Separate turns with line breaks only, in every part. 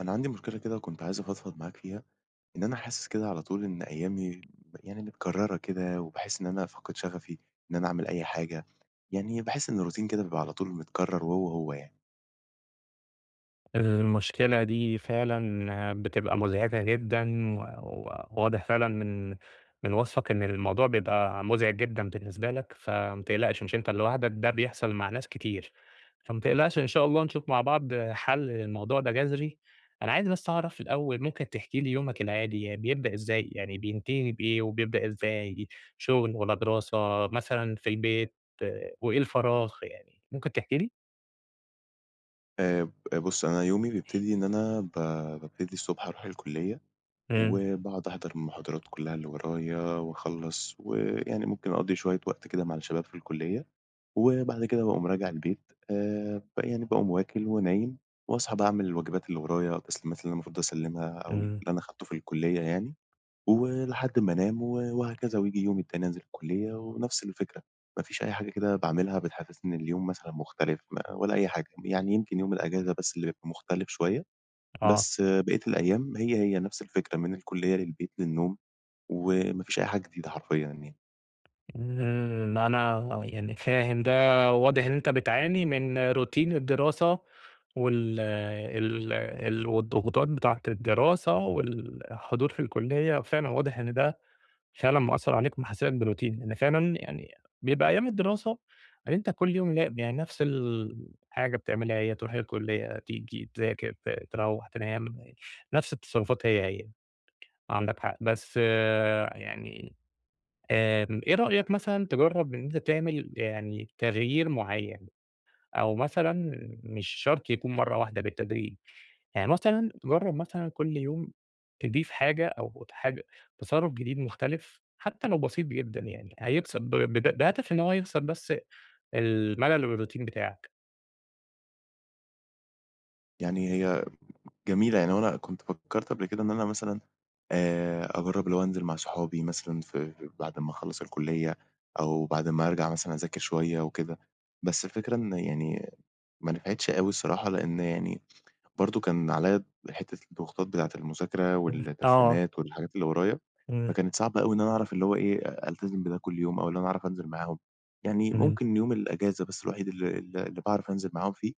أنا عندي مشكلة كده، وكنت عايز أفضفض معاك فيها، إن أنا حاسس كده على طول إن أيامي يعني متكررة كده، وباحس إن أنا فاقد شغفي، إن أنا أعمل أي حاجة يعني باحس إن الروتين كده بيبقى على طول متكرر وهو، هو يعني.
المشكلة دي فعلًا بتبقى مزعجة جدًا، و و واضح فعلًا من من وصفك إن الموضوع بيبقى مزعج جدًا بالنسبة لك، فمّا تقلقش مش أنت لوحدك، ده بيحصل مع ناس كتير، فما تقلقش إن شاء الله نشوف مع بعض حَل للموضوع ده جَذري، أنا عايز بس أعرف الأول ممكن تحكي لي يومك العادي، ي بيبدأ إزاي يعني بينتهي بإيه، وبيبدأ إزاي شغل، والّا دراسة، مثلًا في البيت، وإيه الفراغ، يعني ممكن تحكي لي؟
آآ ب بُص، أنا يومي بيبتدي إن أنا ب بابتدي الصبح أروح الكُلّية،
إمم.
وباقعد أحضر المحاضرات كلّها اللي ورايا، وأخلّص ويعني ممكن أقضي شوية وقت كده مع الشباب في الكُلّية، وبعد كده باقوم راجع البيت، آآ يعني باقوم وَاكل ونايم، وأصحى بقى أعمل الواجبات اللي ورايا، التسليمات اللي أنا المفروض أسلِّمها، أو اللي
إمم.
أنا أخدته في الكُلّية يعني، ولحد ما انام وهكذا، وييجي اليوم التاني أنزل الكُلّية ونفس الفكرة، مافيش أي حاجة كده باعملها بتحسسني إن اليوم مثلًا مختلف، م ولا أي حاجة، يعني يمكن يوم الإجازة بس اللي بيبقى مختلف شوية،
آه.
بس باقية الأيام هي، هي نفس الفكرة، من الكُلّية للبيت، للنوم، وما فيش أي حاجة جديدة حرفيًا يعني.
ن إن أنا يعني، فاهم ده، واضِح إن أنتَ بتعاني من routine الدراسة وال ال ال والضغوطات بتاعة الدراسة والحضور في الكُلّية. فعلًا واضح إن ده فعلًا مأثّر عليك، محسّسك بroutine، إن فعلًا يعني بيبقى أيام الدراسة، يعني أنتَ كل يوم ل يعني نفس الحاجة بتعملها، هي: ترُوح الكُلّية، تيجي، تذاكر، ت تروِّح، تنام، نفس التصرفات هي هي. عندك حق، بس يعني، آآ، إيه رأيك مثلًا تجرّب إن أنتَ تعمل يعني تغيير معيَّن؟ أو مثلًا مش شرط يكون مرَّة واحدة، بالتدريج يعني، مثلًا تجرّب مثلًا كل يوم تضيف حاجة، أو اتحاج تصرُّف جديد مختلِف، حتى لو بسيط جدًا يعني، هيبسِّط د بد بهدَف إن هو يكسِر بس الملَل و الroutine بتاعَك.
يعني هي جميلة يعني. هو أنا كنت فكَّرت قبل كده إن أنا مثلًا، آآ، أجرِّب اللي هو أنزل مع صُحابي مثلًا، في بعد ما أخلَّص الكلية، أو بعد ما أرجع مثلًا أذاكر شوية وكده. بس الفكرة إن يعني ما نفعِتِش أوي الصراحة، لأن يعني، برضه كان عليَّا حتَّة الضغوطات بتاعة المذاكرة
[unintelligible] آه.
والتسليمات والحاجات اللي ورايا،
إمم.
فكانت صعبة أوي إن أنا أعرف، اللي هو إيه، أ ألتزِم بده كل يوم، أو اللي أنا أعرَف أنزِل معاهم. يعني
إمم.
ممكن يوم الإجازة بس، الوحيد اللي اللي باعرف أنزِل معاهم فيه،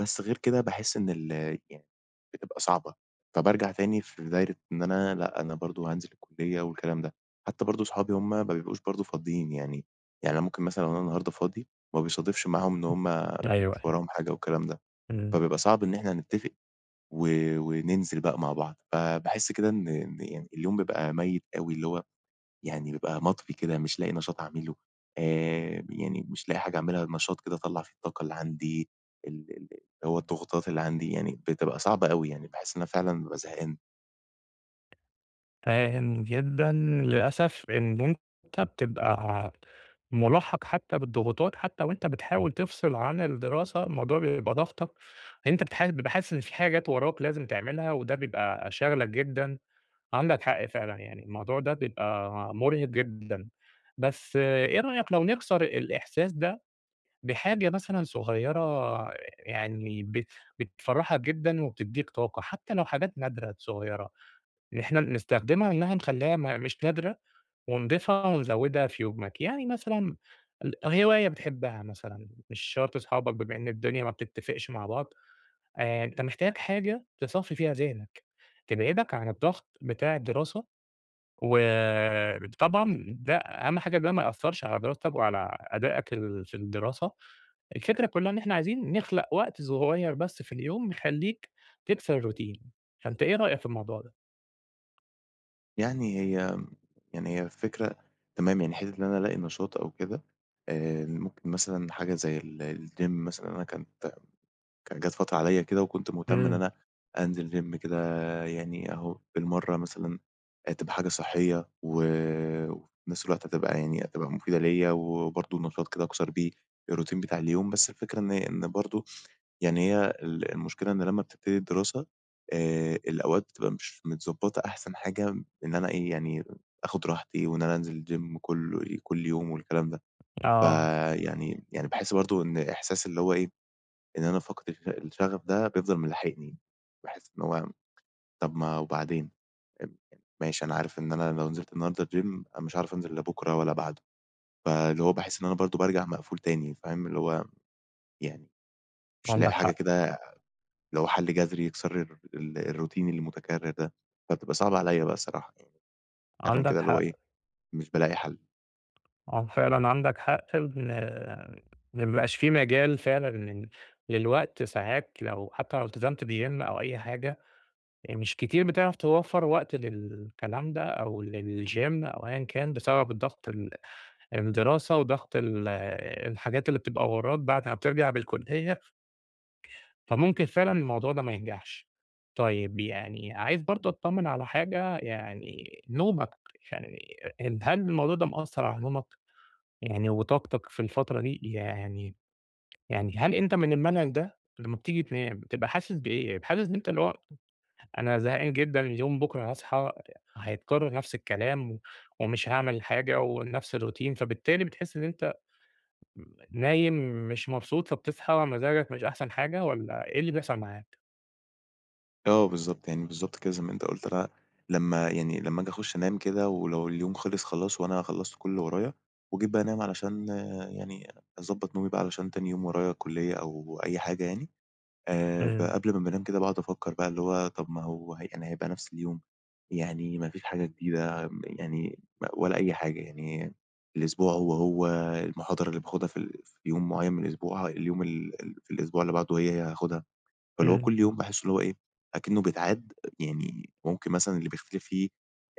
بس غير كده باحِس إن ال يعني بتبقى صعبة. فبارجع تاني في دايِرة إن أنا، لأ، أنا برضه هانزِل الكُلّية والكلام ده. حتى برضه صُحابي هُم ما بيبقوش برضه فاضيين يعني يعني أنا ممكن مثلًا أنا النهارده فاضي، ما بيصادفش معاهُم إن
امم،
هُم
أيوه،
مش
أيوه
وراهم حاجة والكلام ده.
إمم.
فبيبقى صعب إن إحنا نتَّفِق و وننزِل بقى مع بعض. فباحِس كده إن إن اليوم بيبقى ميِّت أوي، اللي هو يعني بيبقى مطفِي كده، مش لاقِي نشاط أعمله. آآ يعني، مش لاقِي حاجة أعمَلها، نشاط كده أطلِّع فيه الطاقة اللي عندي، ال اللي هو الضغوطات اللي عندي يعني، بتبقى صعبة أوي يعني. باحس إن أنا فعلًا بابقى زهقان.
فاهم جدًا، للأسف إن أنت بتبقى مُلاحَق حتى بالضغوطات، حتى وأنت بتحاول تفصل عن الدراسة، الموضوع بيبقى ضاغطك، أنت بتح بتبقى حاسس إن في حاجات وراك لازم تعملها، وده بيبقى شاغلك جدًا، عندك حق فعلًا، يعني الموضوع ده بيبقى مرهِق جدًا، بس إيه رأيك لو نكسر الإحساس ده بحاجة مثلًا صغيرة، يعني بت بتفرحك جدًا، وبتديك طاقة، حتى لو حاجات نادرة صغيرة، إحنا بنستخدمها، إنها نخليّها م مش نادرة، ونضيفها، ونزوّدها في يومك؟ يعني مثلًا ال هواية بتحبها مثلًا، مش شرط صحابك، بما إن الدنيا ما بتتفقش مع بعض، آآ أنت محتاج حاجة تصفّي فيها ذهنك، تبعدك عن الضغط بتاع الدراسة، وطبعًا ده أهم حاجة ده ما يأثّرش على دراستك وعلى أداءك في الدراسة. الفكرة كلها إن إحنا عايزين نخلق وقت صغير بس في اليوم، يخليك تكسر الروتين، فأنت إيه رأيك في الموضوع ده؟
يعني هي، يعني هي الفكرة تمام، يعني حِتّة إن أنا ألاقي نشاط أو كده آآ، ممكن مثلًا حاجة زي ال الgym مثلًا أنا كانت كانت جات فترة عليَّ كده وكنت مهتم إن
إمم.
أنا أنزِل gym كده يعني أهو بالمرّة مثلًا آآ تبقى حاجة صحّية و وفي نَفس الوقت هتبقى يعني، هتبقى مُفيدة ليَّ وبرضه نشاط كده أكسَر بيه الروتين بتاع اليوم، بس الفكرة إن إن برضه يعني هي ال المشكلة إن لمّا بتبتدي الدراسة آآ الأوقات بتبقى مش متضبّطة أحسن حاجة إن أنا إيه، يعني آخُد راحتي و إن أنا أنزِل الgym كلّ كلّ يوم والكلام ده،
آه.
فيعني يعني باحس برضه إن إحساس اللي هو إيه، إن أنا فاقد الش الشغف ده بيفضَل ملاحقني، باحِس إن هو طَب ما وبعدين؟ أب ماشي أنا عارف إن أنا لو نزِلت النهاردة الgym أنا مش عارف أنزِل لا بُكرة ولا بَعده، فاللي هو باحس إن أنا برضه بارجَع مقفول تاني فاهم، اللي هو يعني مش لاقي
عندك
حاجة
حق.
كده اللي هو حَل جذري يكسَر الر الروتين المتكرّر ده فبتبقى صعبة عليَّ بقى الصراحة فعلًا
عندك
كده اللي هو إيه،
حق.
مش بالاقي حَل.
آه فعلًا عندك حق إن ما بقاش في مجال فعلًا لل للوقت، ساعات لو حتى لو التزمت بgym أو أي حاجة يعني، مش كتير بتعرَف توفّر وقت للكلام ده أو للgym أو أيًا كان بسبب الضغط، ال الدراسة وضغط ال الحاجات اللي بتبقى وراك بعد ما بترجَع بالكُلّية فممكن فعلًا الموضوع ده ما ينجَحش. طيب، يعني عايز برضه أطّمن على حاجة، يعني نومك، يعني أ هل الموضوع ده مأثّر على نومك، يعني وطاقتك في الفترة دي؟ يعني يعني هل أنت من المنهج ده؟ لمّا بتيجي تنام بتبقى حاسس بإيه؟ حاسس إن أنت الوقت أنا زهقان جدًا، اليوم بُكرة هاصحي هيتكرّر نفس الكلام و ومش هاعمل حاجة ونَفس الروتين فبالتالي بتحس إن أنت مم نايم مش مبسوط فبتصحى مزاجك مش أحسَن حاجة والّا إيه اللي بيحصَل معاك؟
آه، بالضبط، يعني بالضبط كده، زي ما أنت قُلت ل لمّا يعني لمّا آجي أخُش أنام كده، ولو اليوم خلِص خلاص وأنا خلّصت كلّ اللي ورايا، وجيت بقى أنام علشان يعني أضبّط نومي بقى عشان تاني يوم ورايا كلّية أو أي حاجة يعني، آآ، ب
إمم.
قبْل ما بانام كده باقعُد أفكّر بقى اللي هو طَب ما هو يعني هيبقى نفْس اليوم، يعني ما فيش حاجة جديدة م يعني ولا أي حاجة، يعني الأسبوع هو، هو، المحاضرة اللي باخدها في ال في يوم معيّن من الأسبوع، اليوم ال في الأسبوع اللي بعده هي، هي هاخدها. فاللي هو كلّ
إمم.
يوم باحس اللي هو إيه، أكنّه بيتعاد، يعني ممكن مثلًا اللي بيختلِف فيه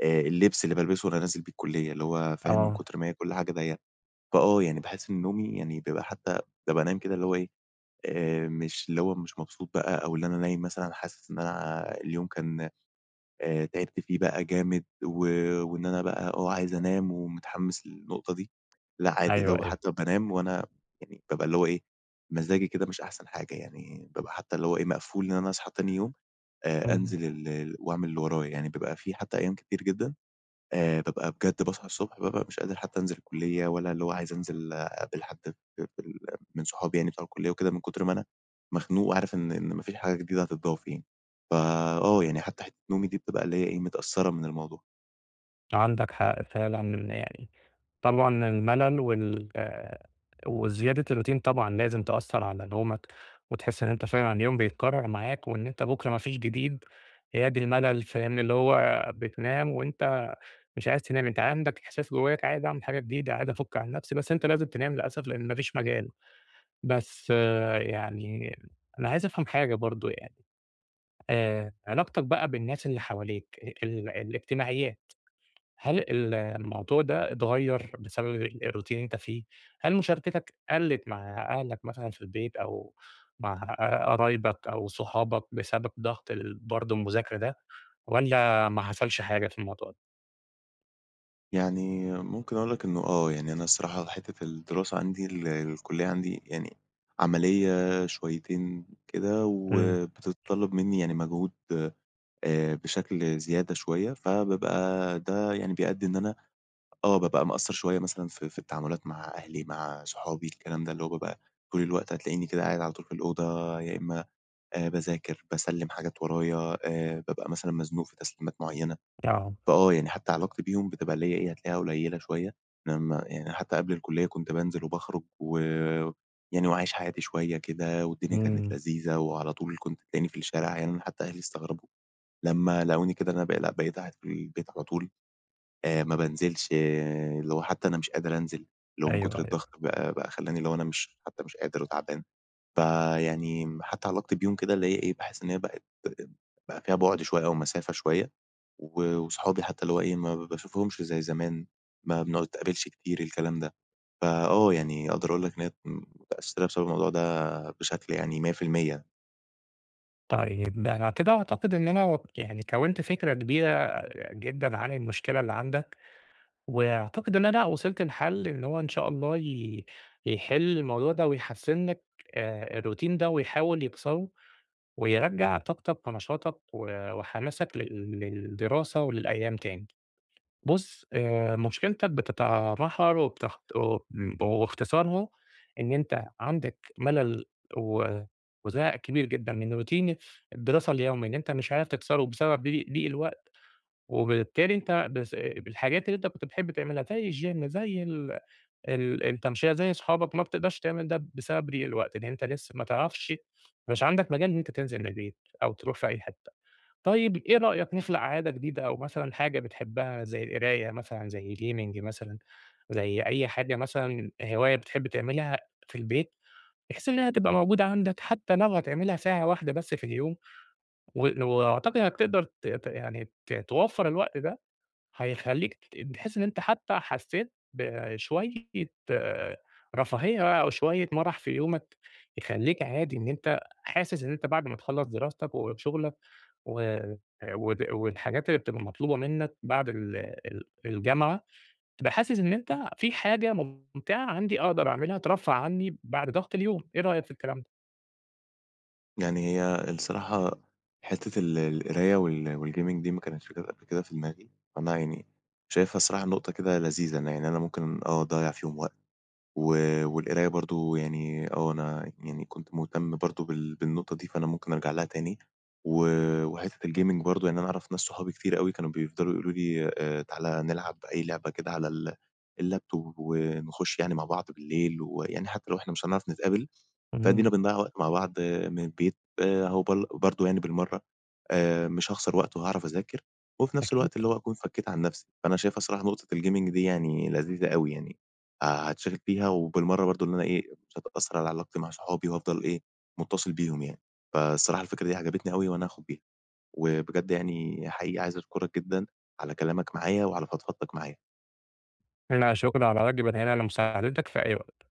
آآ اللِّبس اللي بالبِسه وأنا نازل بيه الكُلّية، اللي هو فاهم من
آه.
كتر ما هي كلّ حاجة دي فآه، يعني باحس إن نومي يعني بيبقى حتى بابقى نايم كده اللي هو إيه، آآ مش اللي هو مش مبسوط بقى أو اللي أنا نايم مثلًا حاسس إن أنا اليوم كان آآ تعِبت فيه بقى جامد، و وإن أنا بقى آه، عايز أنام ومتحمّس للنقطة دي، لأ، عادي،
أيوه،
لو
أيوه.
حتى بانام وأنا يعني بابقى اللي هو إيه، مزاجي كده مش أحسن حاجة، يعني
امم.
بابقى حتى اللي هو إيه، مقفول إن أنا أصحى تاني يوم، آآ، أنزِل ال وأعمل اللي ورايا، يعني بابقى في حتّى أيّام كتير جدًا آآ، بابقى بجد باصحى الصبح بابقى مش قادر أنزِل الكُلّية، والّا اللي هو عايز أنزِل أقابل حد ب بال من صحابي يعني بتوع الكُلّية وكده، من كُتر ما أنا مخنوق وعارف إن إن ما فيش حاجة جديدة هتتضاف يعني. فآه، يعني حتى حِتّة نومي دي بتبقى اللي هي إيه، متأثّرة من الموضوع.
عندك حق، فعلًا يعني. طبعًا الملل وال وزيادة الروتين طبعًا لازم تأثّر على نومك وتحس إن أنت فعلًا اليوم بيتكرر معاك وإن أنت بكره ما فيش جديد، يا دي الملل، فاهمني؟ اللي هو بتنام وأنت مش عايز تنام. أنت عندك إحساس جواك عايز أعمل حاجة جديدة، عايز أفك عن نفسي. بس أنت لازم تنام للأسف لأن ما فيش مجال. بس يعني أنا عايز أفهم حاجة برضه يعني آآ علاقتك بقى بالناس اللي حواليك ال الاجتماعيات هل ال الموضوع ده اتغير بسبب الroutine اللي أنت فيه، هل مشاركتك قلِت مع أهلك مثلًا في البيت أو مع قرايبك أو صحابك بسبب ضغط برضه المذاكرة ده والّا ما حصلش حاجة في الموضوع ده؟
يعني ممكن أقول لك إنه آه يعني، أنا الصراحة، حتَّة الدراسة عندي، الكلية عندي يعني عمليَّة شويتين كده
إمم.
وبتتطلَّب مِنِّي يعني مجهود آآ بشكل زيادة شوية. فبابقى ده يعني بيأدِّي إن أنا آه بابقى مقصِّر شوية مثلًا في في التعاملات مع أهلي، مع صُحابي، الكلام ده. اللي هو بابقى طول الوقت، هتلاقِيني كده قاعِد على طول في الأوضة، يا إمَّا باذاكر، باسلِّم حاجات ورايا، آآ، بابقى مثلًا مزنوق في تسليمات معيَّنة.
آه.
فآه يعني حتى علاقتي بيهُم بتبقى اللي هي إيه، هتلاقِيها قليلة شوية. لمَّا يعني حتى قبل الكُلِّية، كنت بانزِل وباخرُج ويعني وعايِش حياتي شوية كده، والدنيا كانت
إمم.
لذيذة، وعلى طول كنت تلاقِيني في الشارع، يعني حتى أهلي استغرَبوا لمَّا لاقوني كده، إن أنا لأ، بقيت قاعِد في البيت على طول، آآ، ما بانزِلِش، لو حتى أنا مش قادِر أنزِل، اللي هو من
أيوه،
كُتر
أيوه.
الضغط بقى بقى خلَّاني، اللي هو، أنا مش حتى مش قادر وتعبان. فيعني حتى علاقتي بيهم كده اللي هي إيه، باحس إن هي بقِت فيها بُعد شوية أو مسافة شوية. و وصُحابي حتى اللي هو إيه، ما باشوفهُمِش زي زمان، ما بنتقابَلِش كتير، الكلام ده. فآه، يعني أقدَر أقول لك إن هي متأثِّرة بسبَب الموضوع ده بشكل يعني 100%.
طيب ده أنا كده أعتقد إن أنا وك يعني كوِّنت فكرة كبيرة جدًا عن المشكلة اللي عندك وأعتقد إن أنا وصلت لحَل إن هو إن شاء الله ي يحِل الموضوع ده ويحسِّن لك آآ الروتين ده ويحاول يكسره ويرجّع طاقتك ونشاطك و وحماسك لل للدراسة وللأيام تاني. بُص، آآ مشكلتك بتتمحور وبتخ وب واختصارها إن أنت عندك مَلَل و وزهق كبير جدًا من روتين الدراسة اليومي إن أنت مش عارف تكسره بسبب ضي ضِيق الوقت وبالتالي أنت بس بالحاجات اللي أنت كنت بتحب تعملها زي الgym، زي ال ال التَمشِية، زي صحابك ما بتقدرش تعمل ده بسبب ضِيق الوقت إن أنت لسّه ما تعرفش مش عندك مجال إن أنت تنزِل من البيت أو تروح في أي حتّة. طيب إيه رأيك نخلق عادة جديدة أو مثلًا حاجة بتحبّها زي القراية مثلًا، زي gaming مثلًا، زي أي حاجة مثلًا هواية بتحب تعملها في البيت بحيث إنّها تبقى موجودة عندك حتّى لو هتعملها ساعة واحدة بس في اليوم و وأعتقد إنّك تقدر ت ت يعني ت توفَّر الوقت ده، هيخلّيك تت تحِس إن أنت حتّى حسّيت بشوية رفاهية أو شوية مَرَح في يومك يخلّيك عادي إن أنت حاسس إن أنت بعد ما تخلَّص دراستك وشُغلك و ود والحاجات اللي بتبقى مطلوبة منّك بعد ال ال الجامعة، تبقى حاسس إن أنت في حاجة مُمتِعة عندي أقدر أعملها ترفَّه عنّي بعد ضَغْط اليوم، إيه رأيك في الكلام ده؟
يعني هي الصراحة حتّة ال القراية وال والgaming دي ما كانتش جات قَبل كده في دماغي، فأنا يعني شايفها الصراحة نقطة كده لذيذة إن يعني أنا ممكن آه أضيَّع فيهم وقت و والقراية برضه يعني آه، أنا يعني كنت مُهتم برضه بال بالنقطة دي فأنا ممكن أرجع لها تاني. و وحتّة الgaming برضه يعني أنا أعرف ناس صحابي كتير أوي كانوا بيفضلوا يقولوا لي: "آآ تعالَ نلعب أي لعبة كده على ال اللاب توب ونخُش يعني مع بعض بالليل ويعني حتّى لو إحنا مش هنعرف نتقابل،
إمم.
فأدينا بنضيَّع وقت مع بعض من البيت أهو" بل برضه يعني بالمرّة آآ مش هاخسر وقت وهاعرف أذاكر وفي نَفْس
أكيد.
الوقت اللي هو أكون فكّيت عن نَفْسي. فأنا شايفها الصراحة نقطة الgaming دي يعني لذيذة أوي يعني هاتشغِل فيها وبالمرّة برضه إن أنا إيه، مش هتأثّر على علاقتي مع صحابي وهافضل إيه، مُتّصِل بيهم يعني. فالصراحة الفكرة دي عجبتني أوي وأنا هاخُد بيها وبجد يعني حقيقي عايز أشكرك جدًا على كلامك معايا وعلى فضفضتك معايا.
لا شُكر على واجب، أنا هنا لمساعدتك في أي وقت.